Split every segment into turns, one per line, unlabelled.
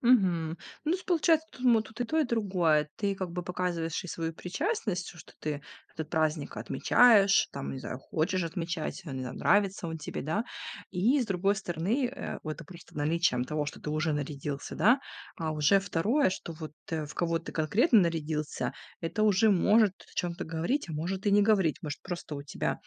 Мгм. Ну, то есть получается, тут мо тут и то, и другое. Ты как бы показываешь и свою причастность, что ты этот праздник отмечаешь, там, не знаю, хочешь отмечать, ам, не знаю, нравится он тебе, да. И с другой стороны, э, это просто наличием того, что ты уже нарядился, да, а уже второе, что вот, э, в кого ты конкретно нарядился- это уже может о чём-то говорить, а может и не говорить. Может, просто у тебя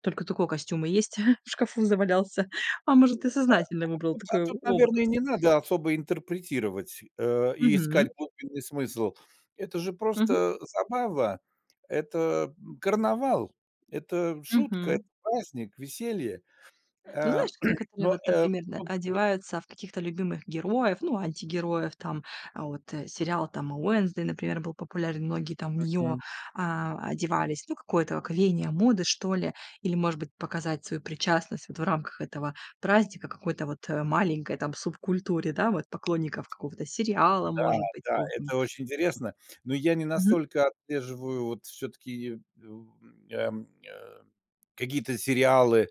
только такой костюм и есть, в шкафу завалялся, а может,
А
ты сознательно выбрал
тут, а
такой о
тут,
образ.
наверно, не надо особо интерпретировать, э, и искать
Мгм.
глубинный смысл. Это же
Мгм.
просто забава, это, эм, карнавал, это шутка, это
Мгм.
праздник, веселье.
Ну,
Э,
знаешь, некоторые,
но,
вот,
э,
например, да,
тут и
одеваются в каких-то любимых героев, ну, антигероев, там, вот сериал, там, "Уэнсдей", например, был популярен, многие там в неё,
Мгм.
а, одевались, ну, какое-то как веяние моды, что ли. Или, может быть, показать свою причастность вот в рамках этого праздника какой-то вот, а, маленькой там субкультуре, да, вот, поклонников какого-то сериала,
Да,
может быть,
да,
какого там.
это очень интересно, но я не
Мгм.
настолько отслеживаю вот все-таки, у, м, ам, э, какие-то сериалы,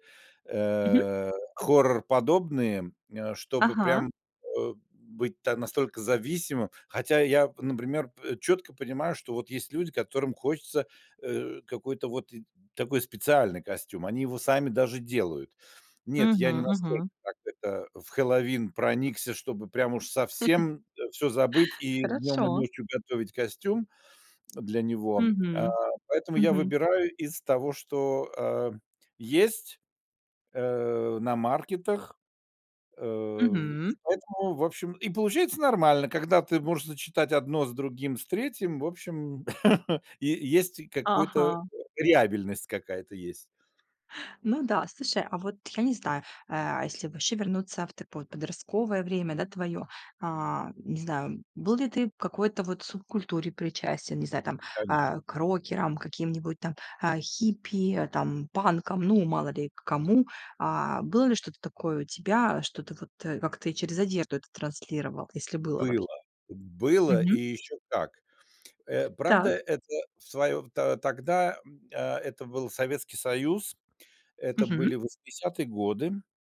Мгм.
э, хоррор-подобные, э, чтобы
Ага.
прям, э, быть та настолько зависимым. Хотя я, например, пэ четко понимаю, что вот есть люди, которым хочется, э, какой-то вот и такой специальный костюм. Они его сами даже делают. Нет, я не
Мгм,
настолько,
мгм.
так это, в Хэллоуин проникся, чтобы прям уж совсем всё забыть и днем и
Хорошо.
ночью готовить костюм для него. А,
Мгм,
поэтому я
мгм.
выбираю из того, что, э, есть, э, на маркетах. Э, и
Мгм.
поэтому, в общем, и получается нормально. Когда ты можешь сочетать 1 с другим, с 3, в общем, е есть какой-то
Ага.
реабельность какая-то есть.
Ну да, слушай, а вот я не знаю, а, если ваще вернуться в такое вот подростковое время, да, твоё. А, не знаю, был ли ты в какой-то вот субкультуре причастен, не знаю, там,
Конечно.
а, к рокерам каким-нибудь там, а, хиппи, а, там, панкам, ну, мало ли к кому? А, было ли что-то такое у тебя, что ты вот, э, как-то и через одежду это транслировал? Если было
Было!
вообще.
Было, и
Мгм.
еще как! Э, правда,
Так.
это в своё в то тогда, м, а, это был Советский Союз. Это
Мгм.
были 80 годы.